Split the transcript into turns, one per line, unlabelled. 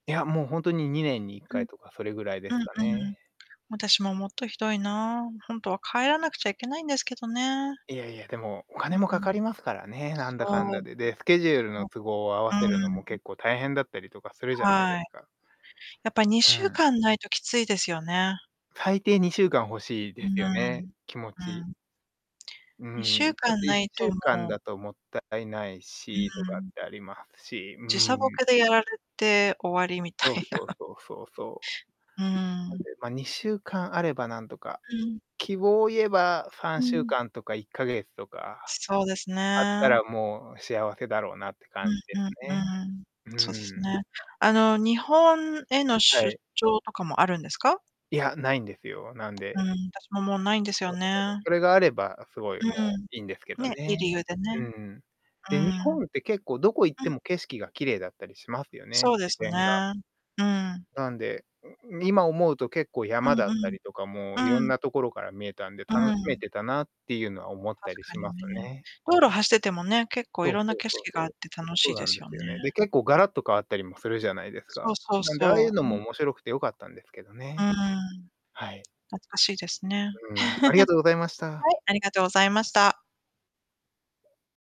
いや、もうほんとに、2年にいっ
う
かい
ん。
とか、それぐらいで
う
す
ん
か
う
ね。
ん。私も、もっとひどいな。ほんとは帰らなくちゃいけないんですけどね。
いやいや、でも、お
う
金もか
う
か
ん。
りますからね、なんだかん
そ
だ
う。
で。で、スケジュール
そ
の
う、
都合を合わせるのも
うん。
結構大変だったりとかするじゃないで
は
す
い。
か。
やっぱ、に
う
しゅう
ん。
かんないときついですよね。
最低、2週間欲しい
うー
ですよね、
ん。
気持ち。
うん。
う
いっ
ん
しゅ
う
う
ん。ちょ
か
っ
ん
と、いっ
ない
しゅ
と、
う
も
かん
う
だともったいないし、と
う
か
ん
っ
うん。
てありますし、う
時差ボ
ーん。
ケでやられて終わりみた
そう
い
そう
な。
そうそうそ
うー
う。あ、で、
ん。
まあ、2週間あればなんとか、
うん。
希望を言えば、さ
う
んしゅう
ん。
かんとか、1ヶ月とか
そうです
あった
ね。
ら、もう幸せだろうなって
う
感じ
ん
です
うん
ね。
うん。
う
そうです
ーん。
ね。あの、日本への
はい。
出張とかもあるんですか？
いや、ないんですよ、なん
う
で
ん、私も、もう、ないんですよ
[unintelligible]
ね。
それがあればすごい、
う
も
ー
う、
ん。
いんですけど
ね、いい
ね。
理由でね。
うんうん。
うー
で、日
ん。
本って結構どこ行っ
う
て
ん。
も景色が綺麗だったりしますよね、
そうで
自
す
然が。
ね。うん。
なんで、ん、今思うと、結構、
う
山だ
ん
っ
う
た
ん。
りとかも、色ん
うん。
なところから見えたんで、
う
楽しめ
ん。
てたなっていうのは思った
確
り
か
し
に
ます
ね。
ね。
道路走っててもね、結構
そ
い
う
ろん
そ
な
う
景
そう
色が
そ
あ
う。
っ
あ、
て楽
そ
し
う
い
な
で
んで
すよ
す
ね。
よね。で、結構ガラッと変わったりもするじゃないです
そう
か。
そう
なんで、ああいう
そ
の
う。
も
ね。
面白くて良かったんですけど
うー
ね。
ん。
はい。
懐かしいですね。
うん、ありがとうございまし
は
た。
い、ありがとうございました。